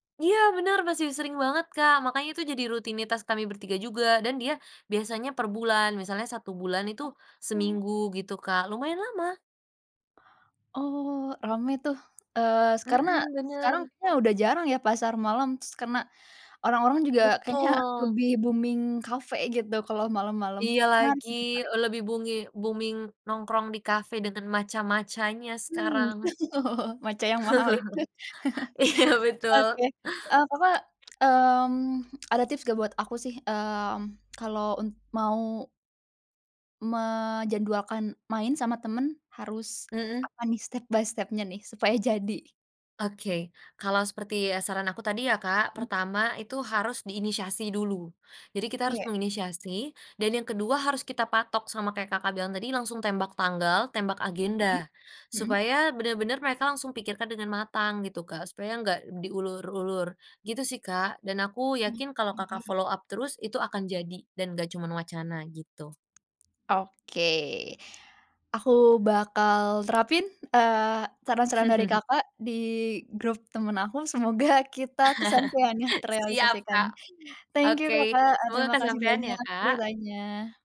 Iya bener masih sering banget, Kak, makanya itu jadi rutinitas kami bertiga juga dan dia biasanya per bulan misalnya 1 bulan itu Ah. Oh. seminggu gitu, Kak, lumayan lama. Oh, rame tuh, eee, se karena Mhm, sekarang bener. kayaknya udah jarang ya pasar malam terus karena orang-orang juga kayaknya Betul. lebih booming kafe gitu kalau malam-malam, Iya menarik lagi, menarik. lebih bungi booming nongkrong di kafe dengan matca-matcanya Mmm, sekarang. oh, matca yang mahal itu. Iya betul. Oke, eee, apa mmm, ada tips nggak buat aku sih? Mmm, kalau un mau menjadwalkan main sama temen harus Mhm. apa nih, step by step-nya nih supaya jadi? Oke kalau seperti, ya, saran aku tadi ya, Kak, pertama itu harus diinisiasi dulu. Jadi kita harus Kayak menginisiasi, dan yang kedua harus kita patok sama kayak Kakak bilang tadi langsung tembak tanggal, tembak Mhm, agenda, mhm. supaya bener-bener mereka langsung pikirkan dengan matang gitu, Kak, supaya gak diulur-ulur gitu sih, Kak, dan aku yakin kalau Kakak, Oke. follow up terus itu akan jadi dan gak cuman wacana gitu. Oke, aku bakal terapin, eee, saran-saran dari Kakak di grup temen aku. Semoga kita kesampaiannya Siap, terealisasikan. Kak! Thank you, Oke, Kakak. E semoga terima kasih kesampaian ya, banyak Kak. ceritanya.